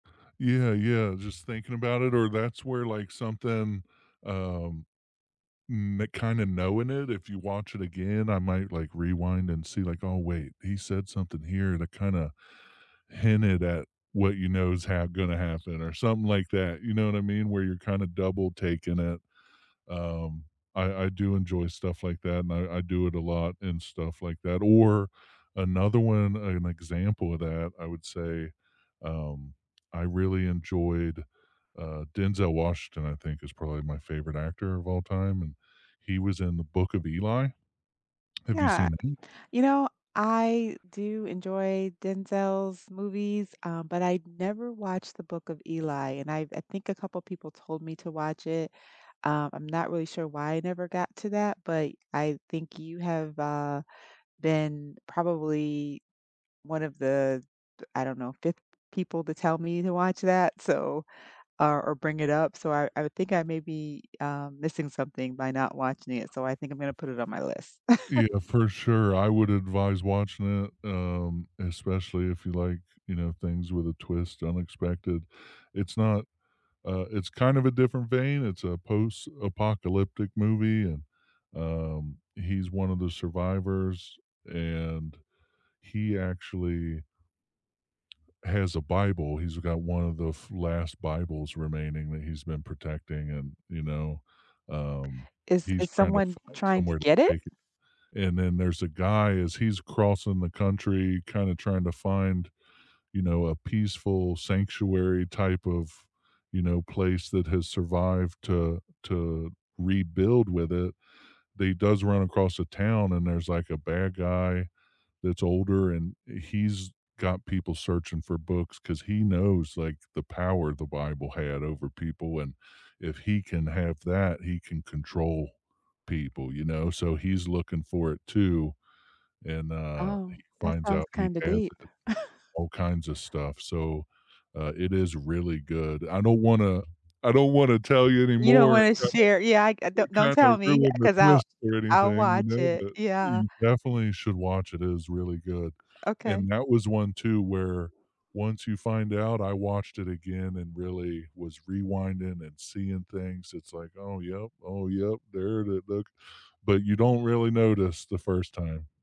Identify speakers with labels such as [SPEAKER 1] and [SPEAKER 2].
[SPEAKER 1] Yeah, yeah. Just thinking about it or that's where, like, something, um, mm, kinda, knowing it. If you watch it again, I might, like, rewind and see, like, oh, wait, he said something here to kinda hinted at what you know is ha gonna happen or something like that, you know what I mean? Where you're kinda double taking it. Um, I I do enjoy stuff like that and I I do it a lot and stuff like that. Or another one, an example of that, I would say, um, I really enjoyed. Uh, Denzel Washington, I think, is probably my favorite actor of all time, and he was in The Book of Eli. Have you
[SPEAKER 2] Yeah,
[SPEAKER 1] seen them?
[SPEAKER 2] you know, I do enjoy Denzel's movies, um, but I've never watched The Book of Eli, and I I think a couple of people told me to watch it. Um, I'm not really sure why I never got to that, but I think you have, uh, been probably one of the, I don't know, 5th people to tell me to watch that, so, uh, or bring it up, so I I would think I may be, um, missing something by not watching it, so I think I'm gonna put it on my list.
[SPEAKER 1] Yeah, for sure, I would advise watching it, um, especially if you like, you know, things with a twist, unexpected. It's not, uh it's kind of a different vein. It's a post-apocalyptic movie and, um, he's one of the survivors, and he actually has a Bible. He's got one of the last Bibles remaining that he's been protecting and, you know, um,
[SPEAKER 2] Is
[SPEAKER 1] he's
[SPEAKER 2] is
[SPEAKER 1] trying to
[SPEAKER 2] someone
[SPEAKER 1] find
[SPEAKER 2] trying to
[SPEAKER 1] somewhere to
[SPEAKER 2] get it?
[SPEAKER 1] take it. And then there's a guy as he's crossing the country, kinda trying to find, you know, a peaceful sanctuary type of, you know, place that has survived to to rebuild with it. He does run across the town and there's, like, a bad guy that's older and he's got people searching for books 'cause he knows, like, the power the Bible had over people and if he can have that, he can control people, you know, so he's looking for it too. And, uh,
[SPEAKER 2] Oh,
[SPEAKER 1] he
[SPEAKER 2] that
[SPEAKER 1] finds
[SPEAKER 2] sounds
[SPEAKER 1] out he
[SPEAKER 2] kinda
[SPEAKER 1] has
[SPEAKER 2] deep.
[SPEAKER 1] all kinds of stuff, so, uh, it is really good. I don't wanna I don't wanna tell you
[SPEAKER 2] You don't
[SPEAKER 1] anymore
[SPEAKER 2] wanna share, yeah, I
[SPEAKER 1] and
[SPEAKER 2] don't don't
[SPEAKER 1] kinda kinda
[SPEAKER 2] tell me
[SPEAKER 1] ruin the
[SPEAKER 2] cause I'll
[SPEAKER 1] twist or
[SPEAKER 2] I'll
[SPEAKER 1] anything, you
[SPEAKER 2] watch
[SPEAKER 1] know,
[SPEAKER 2] it,
[SPEAKER 1] but
[SPEAKER 2] yeah.
[SPEAKER 1] you definitely should watch it. It is really good.
[SPEAKER 2] Okay.
[SPEAKER 1] And that was one too where once you find out, I watched it again and really was rewinding and seeing things, it's, like, "Oh, yup, oh, yup, there it is, look," but you don't really notice the first time.